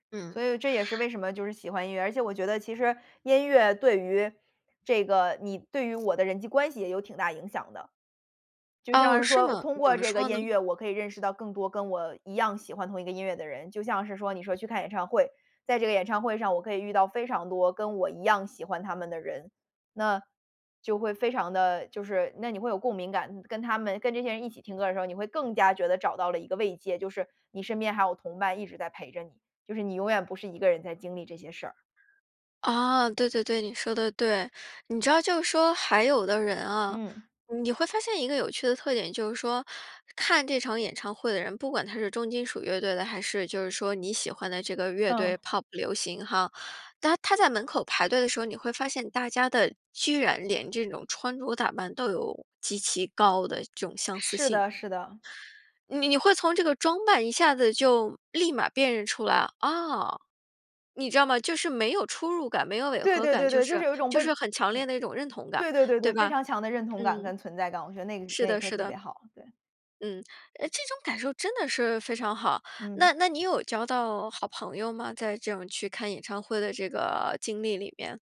所嗯。以这也是为什么就是喜欢音乐，而且我觉得其实音乐对于这个你对于我的人际关系也有挺大影响的。就像哦，是是说吗？通怎过么这个说呢？音乐我可以认识到更多跟我一样喜欢同一个音乐的人，就像是说你说去看演唱会。在这个演唱会上我可以遇到非常多跟我一样喜欢他们的人，那就会非常地就是那你会有共鸣感，跟他们跟这些人一起听歌儿的时候，你会更加觉得找到了一个慰藉，就是你身边还有同伴一直在陪着你，就是你永远不是一个人在经历这些事儿。哦，对对对，你说得对。你知道就说还有的人啊嗯。你会发现一个有趣的特点就是说，看这场演唱会的人，不管他是重金属乐队的，还是就是说你喜欢的这个乐队嗯。pop 流行哈。当他在门口排队的时候，你会发现大家的居然连这种穿着打扮，都有极其高的这种相似是性。的是的。你你会从这个装扮一下子就立马辨认出来。啊。你知道吗？就是没有出入感，没有违对和对感，对就对，就是是有一种就被是很强烈嗯，的一种认同感。对对对对对，非吧？常强的认同感嗯。跟存在感，我觉得那个是那一的刻是特的。别好，对。嗯，诶，这种感受真的是非常好。嗯。那那你有交到好朋友吗，在这种去看演唱会的这个经历里面？